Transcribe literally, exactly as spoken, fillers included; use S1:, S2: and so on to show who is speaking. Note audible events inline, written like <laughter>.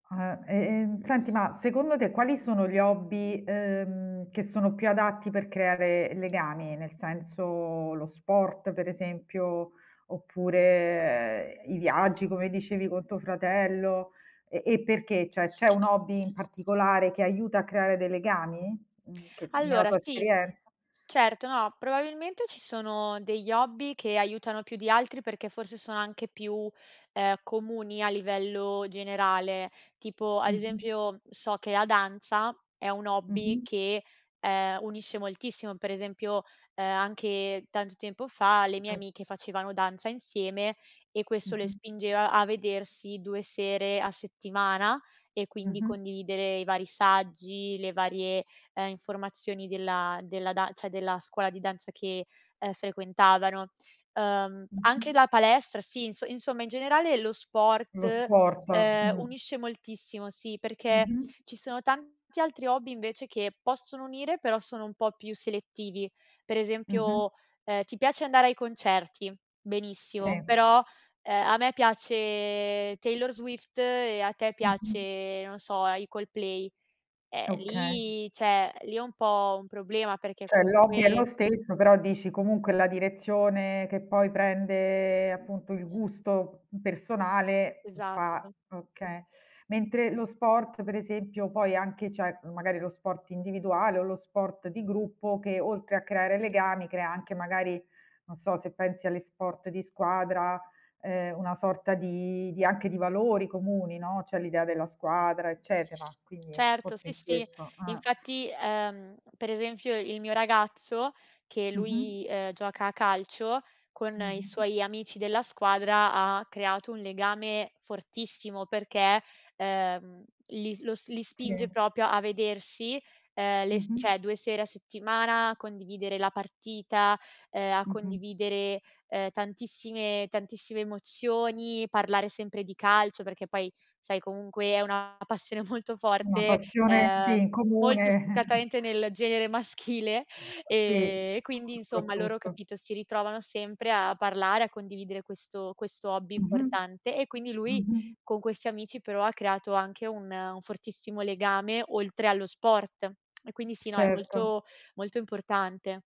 S1: Ah, e ehm, senti, ma secondo te quali sono gli hobby, uhm, che sono più adatti per creare legami? Nel senso, lo sport, per esempio, oppure, ehm, i viaggi, come dicevi con tuo fratello? E e perché? ceh, c'è un hobby in particolare che aiuta a creare dei legami? Mhmm, che nella
S2: Allora
S1: tua
S2: sì
S1: esperienza?
S2: certo no, probabilmente ci sono degli hobby che aiutano più di altri perché forse sono anche più, uhm, comuni a livello generale. Tipo, ad
S1: Mh-mh.
S2: esempio, so che la danza è un hobby
S1: Mh-mh.
S2: che, ehm, unisce moltissimo, per esempio, uhm, anche tanto tempo fa le mie
S1: <unintelligible>
S2: amiche facevano danza insieme e questo le
S1: Mh-mh.
S2: spingeva a vedersi due sere a settimana e quindi
S1: Mh-mh.
S2: condividere i vari saggi, le varie, uhm, informazioni della della da ceh, della scuola di danza che, ehm, frequentavano. Uhm, anche
S1: Mh-mh.
S2: la palestra sì, inso insomma in generale lo sport,
S1: Lo sport.
S2: ehm,
S1: Mh.
S2: unisce moltissimo, sì, perché
S1: Mh-mh.
S2: ci sono tanti altri hobby, invece, che possono unire però sono un po' più selettivi. Per
S1: Mh-mh.
S2: esempio, ehm, ti piace andare ai concerti. Benissimo,
S1: Sì.
S2: però, ehm, a me piace Taylor Swift e a te
S1: Mh-mh.
S2: piace, non so, uhm, i Coldplay. Eh,
S1: Okay.
S2: lì ceh, lì è un po' un problema perché
S1: ceh, l'hobby è
S2: comunque
S1: lo stesso, però dici comunque la direzione che poi prende, appunto, il gusto personale fa
S2: Esatto.
S1: okay. Mentre lo sport, per esempio poi anche c'è magari lo sport individuale o lo sport di gruppo che, oltre a creare legami, crea anche magari, non so, se pensi agli sport di squadra, uhm, una sorta di di anche di valori comuni, no. C'è l'idea della squadra, eccetera, quindi
S2: Certo,
S1: forse
S2: sì,
S1: in
S2: sì.
S1: questo eh.
S2: Infatti, uhm, per esempio il mio ragazzo, che
S1: Mh-mh.
S2: lui, ehm, gioca a calcio, con i
S1: Mh-mh.
S2: suoi amici della squadra ha creato un legame fortissimo, perché uhm, li lo li spinge
S1: Sì.
S2: proprio a vedersi, ehm, le s
S1: Mh-mh.
S2: ceh, due sere a settimana a condividere la partita, uhm, a
S1: Mh-mh.
S2: condividere, ehm, tantissime tantissime emozioni, parlare sempre di calcio, perché poi, sai, comunque è una passione molto
S1: Una
S2: forte,
S1: passione
S2: ehm,
S1: sì, in
S2: molto
S1: comune. <chuckles>
S2: spiccatamente nel genere maschile e
S1: Sì,
S2: e quindi insomma loro,
S1: soprattutto.
S2: capito, si ritrovano sempre a parlare, a condividere questo questo hobby
S1: Mh-mh.
S2: importante, e quindi lui
S1: Mh-mh.
S2: con questi amici però ha creato anche un un fortissimo legame oltre allo sport. E quindi sì, no, è
S1: Certo.
S2: molto molto importante.